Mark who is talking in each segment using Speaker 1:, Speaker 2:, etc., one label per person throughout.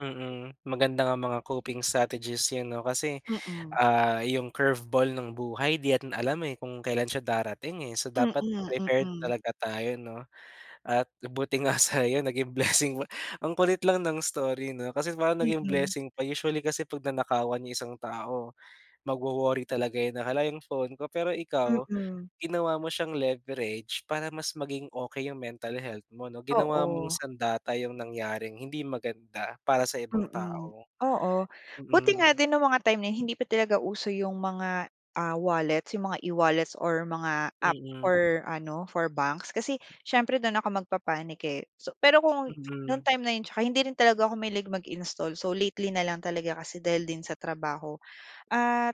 Speaker 1: Mm. Maganda nga mga coping strategies yan 'no. Kasi,
Speaker 2: Mm.
Speaker 1: ah, yung curve ball ng buhay di natin alam, eh, kung kailan siya darating, eh. So,
Speaker 2: Mm,
Speaker 1: dapat prepared
Speaker 2: mm.
Speaker 1: talaga tayo 'no. At buti nga sa'yo naging blessing. Ang kulit lang ng story 'no, kasi parang naging
Speaker 2: Mm.
Speaker 1: blessing pa. Usually kasi 'pag nanakawan yung isang tao, magwo-worry talaga yun. Na, "Hala, yung phone ko." Pero ikaw,
Speaker 2: Mm.
Speaker 1: ginawa mo siyang leverage para mas maging okey yung mental health mo 'no. Ginawa mong
Speaker 2: Oo.
Speaker 1: sandata 'yong nangyaring hindi maganda para sa ibang
Speaker 2: Mm,
Speaker 1: tao,
Speaker 2: oo. Buti
Speaker 1: mm.
Speaker 2: nga din nung mga time na yun hindi pa talaga uso yung mga, ah, wallets. Yung mga e-wallets or mga app
Speaker 1: Mm.
Speaker 2: or ano, for banks. Kasi siyempre, dun ako magpa-panic, eh. So, pero kung nung
Speaker 1: Mm.
Speaker 2: time na yun tsaka hindi rin talaga ako mahilig mag-install. So, lately na lang talaga kasi dahil din sa trabaho. At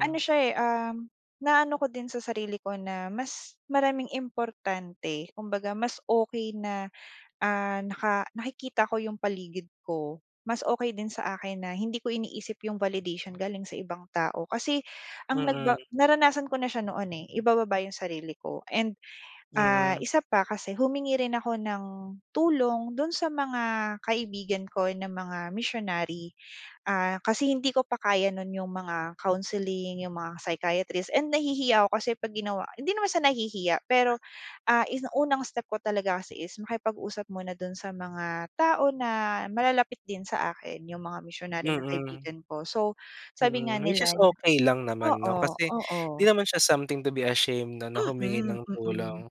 Speaker 2: ano siya, eh, uhm, na ano ko din sa sarili ko na mas maraming importante. Kumbaga, mas okey na, ah, naka nakikita ko yung paligid ko. Mas okey din sa akin na hindi ko iniisip yung validation galing sa ibang tao. Kasi ang
Speaker 1: Mm.
Speaker 2: nagba naranasan ko na siya noon, eh. Ibababa yung sarili ko and, ah,
Speaker 1: Mm.
Speaker 2: isa pa kasi humingi rin ako ng tulong dun sa mga kaibigan ko na mga missionary. Ah, kasi hindi ko pa kaya nun yung mga counseling, yung mga psychiatrist and nahihiya ako kasi pag ginawa hindi naman siya nahihiya, pero, ah, ini unang step ko talaga kasi is makipag-usap muna dun sa mga tao na malalapit din sa akin, yung mga missionary na
Speaker 1: Mm.
Speaker 2: kaibigan ko. So, sabi nga
Speaker 1: Mm. Which
Speaker 2: nila
Speaker 1: is
Speaker 2: n
Speaker 1: okey lang naman 'no,
Speaker 2: oo
Speaker 1: kasi di
Speaker 2: oo.
Speaker 1: naman siya something to be ashamed 'no, na humingi
Speaker 2: Mm,
Speaker 1: ng
Speaker 2: mm.
Speaker 1: tulong.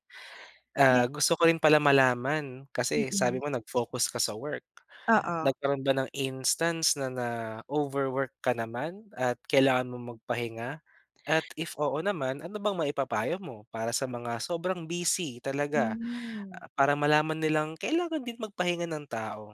Speaker 2: 'Yan
Speaker 1: Ah, gusto ko rin pala malaman, kasi sabi
Speaker 2: Mm.
Speaker 1: mo nag-focus ka sa work,
Speaker 2: Oo.
Speaker 1: nagkaroon ba ng instance na na-overwork ka naman at kailangan mo magpahinga? At if oo naman, ano bang maipapayo mo para sa mga sobrang busy talaga,
Speaker 2: Hmm.
Speaker 1: ah, para malaman nilang kailangan din magpahinga ng tao?